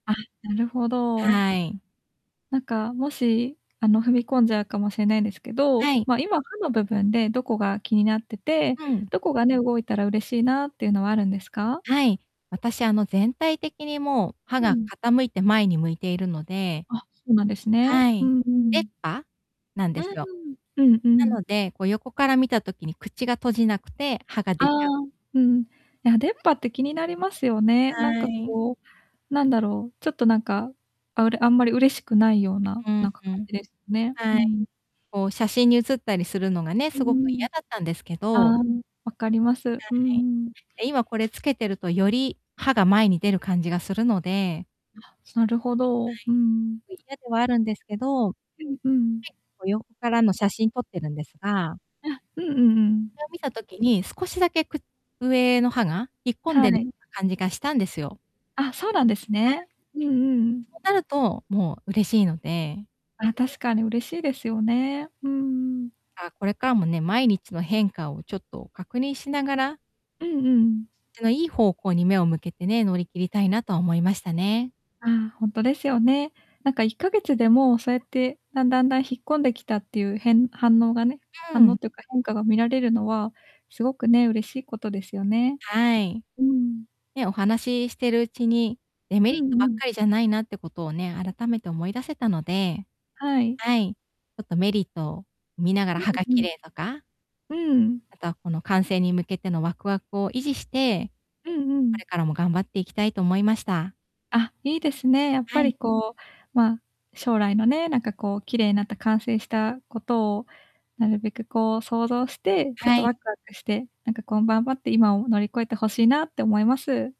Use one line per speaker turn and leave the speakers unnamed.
あ、なるほど。
はい。
なんか、もし、あの、踏み込んじゃうかもしれないんですけど、
はい。
ま、今、歯の部分でどこが気になってて、
うん。
どこがね、動いたら嬉しいなっていうのはあるんですか？
はい。私、あの、全体的に、もう歯
う
が
ん。
傾いて、前に向いているので
あ、そうなんですね。
は
う
い、
んう
出っ
ん。
歯なん
う
で
ー
すよ。
ん、うんう
な
ん。
ので、こう、横から見た時に、口が閉じなくて、歯が出
ああ、
ちゃう。
うん。いや、出っ歯って気になりますよね。なん
は
か
い。
こう、なんだろう、ちょっとなんか、あ、うれあんまり嬉しくないような、
うん、
なんか
ふ
感
ん。
じです、ね。う
はい。
ん。
こう、写真に写ったりするのがね、
う
すごく
んうん。
嫌だったんですけ
あ
ど
あ、わかります、
は
う
い。
んうん。
え、今、これ付けてると、より歯が前に出る感じがするので
あ、なるほど、うんうん。
嫌ではあるんですけど、
うんうん。
こ、横からの写真撮ってるんですが
あ、うんうんう
そ
ん。
れを見た時に、少しだけ、く上の歯が引っ込ん
は
でる
い。
な感じがしたんですよ。
あ、そうなんです
えん。
ね。うんうんう
そ
ん。
うなると、もう嬉しいので
あ、確かに、嬉しいですよね、うんうん。
あ、これからもね、毎日の変化をちょっと確認しながら
うんうんうん。
ちの、いい方向に目を向けてね、乗り切りたいなとは思いましたね。
ああ、ほんとですよね。なんか、1ヶ月でも、そやって、だんだんだん、引っ込んできたっていう、へん反応がね
う
反
ん。
応というか変化が見られるのは、すごくね、嬉しいことですよね。
はい。
うん。
ね、お話してるうちに、デメリ
うん
ットばっ
うん。
かりじゃないなってことをね、改めて思い出せたので、
はい。
はい、ちょっと、メリットを見ながら、
うん、
歯が
ふ
綺
む。
麗とか
うん。
あとは、この完成に向けてのワクワクを維持して、
うんう
こ
ん。
れからも頑張っていきたいと思いました。
あ、いいですね。やっ
は
ぱ
い。
り、こう、ま、将来のね、なんかこう、綺麗になった完成したことをなるべくこう想像して、ちょっ
は
と
い。
ワクワクして、なんか、こん頑張って今を乗り越えてほしいなって思います。